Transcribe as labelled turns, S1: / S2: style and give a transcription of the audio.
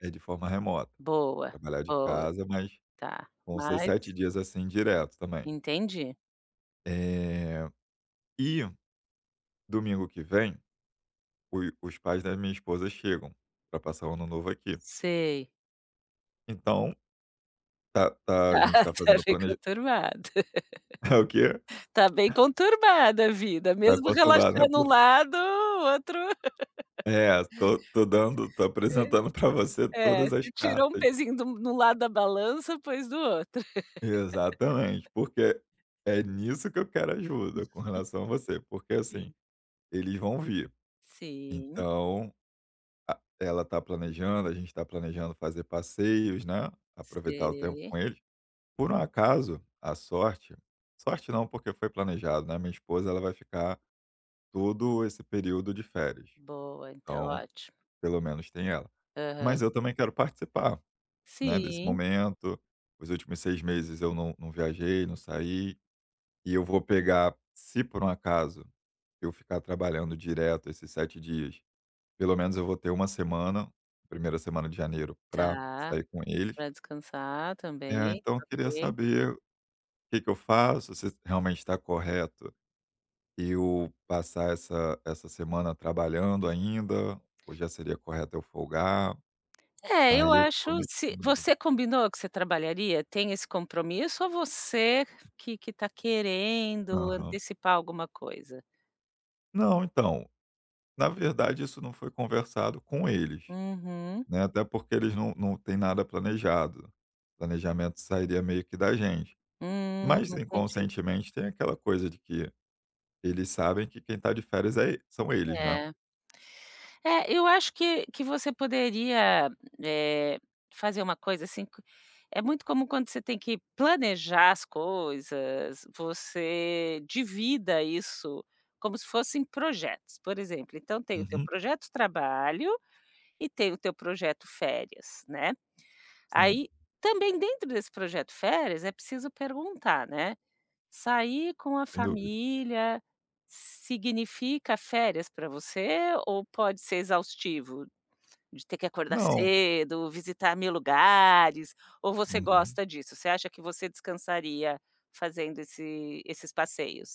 S1: É de forma remota.
S2: Boa,
S1: Trabalhar de
S2: boa.
S1: casa, mas
S2: Tá,
S1: vão ser
S2: mas
S1: 7 dias, assim, direto também.
S2: Entendi.
S1: Eh, e, domingo que vem, o os pais da minha esposa chegam pra passar o ano novo aqui.
S2: Sei.
S1: Então, tá tá a
S2: Ah,
S1: gente tá fazendo
S2: tá,
S1: o
S2: foi
S1: planeja
S2: conturbado.
S1: É o quê?
S2: Tá bem conturbada a vida.
S1: Tá
S2: Mesmo
S1: conturbado, né,
S2: relaxando um
S1: porq
S2: lado, o outro
S1: É, tô tô dando tô
S2: [unintelligible]
S1: apresentando pra você
S2: É,
S1: todas as
S2: você tirou um
S1: cartas.
S2: pezinho de um de um lado da balança, pôs do outro.
S1: Exatamente. Porque é nisso que eu quero ajuda. Com
S2: [unintelligible]
S1: relação a você. Porque, assim,
S2: Sim.
S1: eles vão vir.
S2: Sim.
S1: Então, a ela tá planejando. A gente tá planejando fazer passeios, né. Aproveitar o tempo
S2: Sei.
S1: com eles. Por um acaso, a sorte, sorte não, porque foi planejado. Né, a minha esposa, ela vai ficar todo esse período de férias.
S2: Boa. Então,
S1: Então,
S2: ótimo.
S1: pelo menos, tem ela.
S2: Aham.
S1: Mas eu também quero participar, né, desse
S2: Sim.
S1: momento. Os últimos 6 meses eu não não viajei, não saí. E eu vou pegar se por um acaso eu ficar trabalhando direto esses 7 dias, pelo menos eu vou ter uma semana, 1ª semana de janeiro, pra
S2: Tá.
S1: sair com eles.
S2: Pra descansar
S1: É,
S2: também.
S1: então eu queria
S2: Ok.
S1: saber que que eu faço. Se realmente tá correto eu passar essa essa semana trabalhando ainda. Ou já seria correto eu folgar.
S2: É, eu
S1: Aí eu tô
S2: acho
S1: meio que
S2: se
S1: em dúvida.
S2: você combinou que você trabalharia? Tem esse compromisso ou você que que tá querendo
S1: Aham.
S2: antecipar alguma coisa?
S1: Não, então, na verdade, isso não foi conversado com eles,
S2: Uhum.
S1: né. Até porque eles não não têm nada planejado. O planejamento sairia meio que da gente.
S2: Hum,
S1: Mas,
S2: entendi.
S1: inconscientemente, tem aquela coisa de que eles sabem que quem tá de férias é são eles, né?
S2: É. É, eu acho que que você poderia, eh, fazer uma coisa, assim co é muito comum, quando você tem que planejar as coisas, você divida isso como se fossem projetos. Por exemplo, então tem o teu
S1: Uhum.
S2: projeto trabalho. E tem o teu projeto férias, né?
S1: Sim.
S2: Aí, também, dentro desse projeto férias, é preciso perguntar, né. Sair com a
S1: Sem dúvidas.
S2: família significa férias pra você? Ou pode ser exaustivo? De ter que acordar
S1: Não.
S2: cedo, visitar mil lugares. Ou você
S1: Uhum.
S2: gosta disso? Você acha que você descansaria fazendo esse esses passeios?